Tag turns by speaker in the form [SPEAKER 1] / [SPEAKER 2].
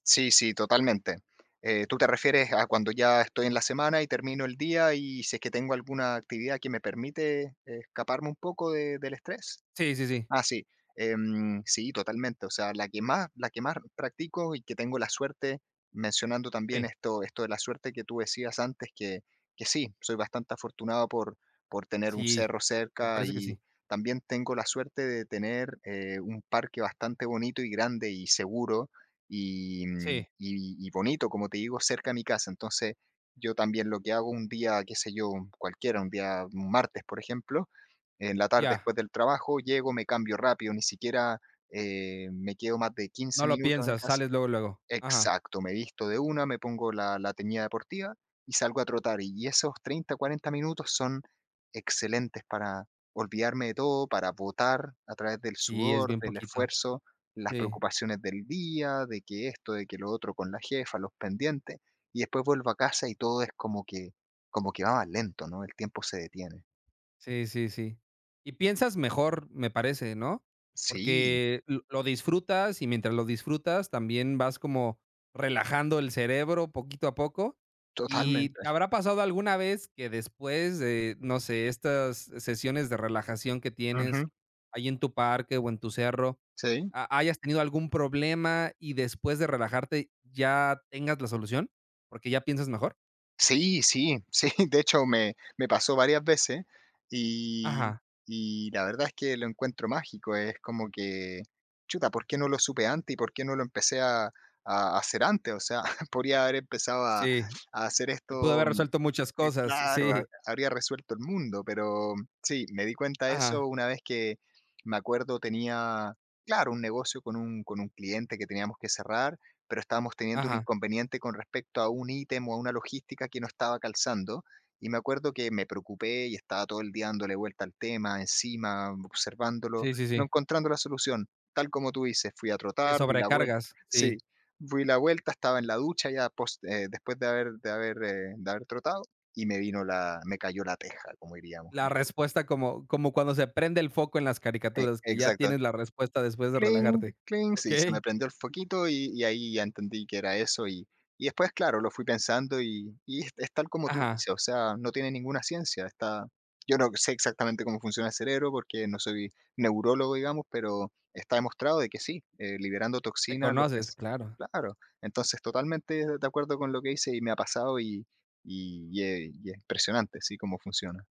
[SPEAKER 1] Sí, sí, totalmente. Eh, ¿tú te refieres a cuando ya estoy en la semana y termino el día, y si es que tengo alguna actividad que me permite escaparme un poco del estrés?
[SPEAKER 2] Sí, sí, sí.
[SPEAKER 1] Ah, sí. Em, sí, totalmente. O sea, la que más la que más practico y que tengo la suerte, mencionando también
[SPEAKER 2] Sí.
[SPEAKER 1] esto esto de la suerte que tú decías antes, que que sí, soy bastante afortunado por por tener un
[SPEAKER 2] Sí,
[SPEAKER 1] cerro
[SPEAKER 2] me
[SPEAKER 1] cerca,
[SPEAKER 2] parece que
[SPEAKER 1] y
[SPEAKER 2] sí.
[SPEAKER 1] también tengo la suerte de tener, eh, un parque bastante bonito, y grande, y seguro y
[SPEAKER 2] Sí.
[SPEAKER 1] y y bonito, como te digo, cerca a mi casa. Entonces, yo también lo que hago un día, qué sé yo, cualquiera, un día martes, por ejemplo, en la tarde,
[SPEAKER 2] Ya.
[SPEAKER 1] después del trabajo, llego, me cambio rápido, ni siquiera, eh, me quedo más de 15
[SPEAKER 2] No lo
[SPEAKER 1] minutos en
[SPEAKER 2] piensas,
[SPEAKER 1] casa.
[SPEAKER 2] sales luego, luego. Ajá.
[SPEAKER 1] Exacto. Me visto de una, me pongo la la teñida deportiva y salgo a trotar. Y esos 30, 40 minutos son excelentes para olvidarme de todo, para botar, a través del
[SPEAKER 2] Sí, es
[SPEAKER 1] sudor,
[SPEAKER 2] bien
[SPEAKER 1] del
[SPEAKER 2] poquito.
[SPEAKER 1] esfuerzo, las
[SPEAKER 2] Sí.
[SPEAKER 1] preocupaciones del día, de que esto, de que lo otro con la jefa, los pendientes. Y después vuelvo a casa y todo es como que como que va más lento, ¿no? El tiempo se detiene.
[SPEAKER 2] Sí, sí, sí. Y piensas mejor, me parece, ¿no?
[SPEAKER 1] Sí.
[SPEAKER 2] Porque lo lo disfrutas, y mientras lo disfrutas también vas como relajando el cerebro poquito a poco. ¿Y te
[SPEAKER 1] Totalmente.
[SPEAKER 2] habrá pasado alguna vez que después de, no sé, estas sesiones de relajación que tienes
[SPEAKER 1] Ujú.
[SPEAKER 2] ahí en tu parque o en tu cerro,
[SPEAKER 1] Sí.
[SPEAKER 2] ha hayas tenido algún problema y después de relajarte ya tengas la solución, porque ya piensas mejor?
[SPEAKER 1] Sí, sí, sí. De hecho, me me pasó varias veces, y
[SPEAKER 2] Ajá.
[SPEAKER 1] y la verdad es que lo encuentro mágico. Es como que: "Chuta, ¿por qué no lo supe antes y por qué no lo empecé a a a hacer antes? O sea, podría haber empezado a
[SPEAKER 2] Sí.
[SPEAKER 1] a hacer
[SPEAKER 2] Se pudo
[SPEAKER 1] esto
[SPEAKER 2] haber resuelto muchas
[SPEAKER 1] eh,
[SPEAKER 2] cosas,
[SPEAKER 1] claro, ha
[SPEAKER 2] sí.
[SPEAKER 1] habría resuelto el mundo". Pero sí, me di cuenta de
[SPEAKER 2] Ajá.
[SPEAKER 1] eso una vez que me acuerdo tenía claro, un negocio con un con un cliente que teníamos que cerrar, pero estábamos teniendo un
[SPEAKER 2] Ajá.
[SPEAKER 1] inconveniente con respecto a un ítem, o a una logística que no estaba calzando. Y me acuerdo que me preocupé y estaba todo el día dándole vuelta al tema, encima observándolo,
[SPEAKER 2] Sí, sí,
[SPEAKER 1] no
[SPEAKER 2] sí.
[SPEAKER 1] encontrando la solución. Tal como tú dices, fui a
[SPEAKER 2] Te
[SPEAKER 1] trotar, di la vuel
[SPEAKER 2] sobrecargas,
[SPEAKER 1] sí,
[SPEAKER 2] sí.
[SPEAKER 1] di la vuelta, estaba en la ducha ya pos eh, después de haber de haber, eh, de haber trotado, y me vino la me cayó la teja, como diríamos.
[SPEAKER 2] La
[SPEAKER 1] Ujú.
[SPEAKER 2] respuesta como como cuando se prende el foco en las
[SPEAKER 1] E
[SPEAKER 2] caricaturas, que ya
[SPEAKER 1] exacto.
[SPEAKER 2] tienes la respuesta después de
[SPEAKER 1] Cling,
[SPEAKER 2] relajarte.
[SPEAKER 1] cling, sí, se me
[SPEAKER 2] Okey.
[SPEAKER 1] prendió el foquito, y y ahí ya entendí que era eso. Y y después, claro, lo fui pensando y y es tal como tú
[SPEAKER 2] Ajá.
[SPEAKER 1] dices. O sea, no tiene ninguna ciencia. Está yo no sé exactamente cómo funciona el cerebro, porque no soy neurólogo, digamos, pero está demostrado que sí, eh, liberando
[SPEAKER 2] Te
[SPEAKER 1] toxinas, los
[SPEAKER 2] conoces,
[SPEAKER 1] ves.
[SPEAKER 2] claro.
[SPEAKER 1] Claro. Entonces, totalmente de acuerdo con lo que dices y me ha pasado, y y es y es impresionante, sí, cómo funciona.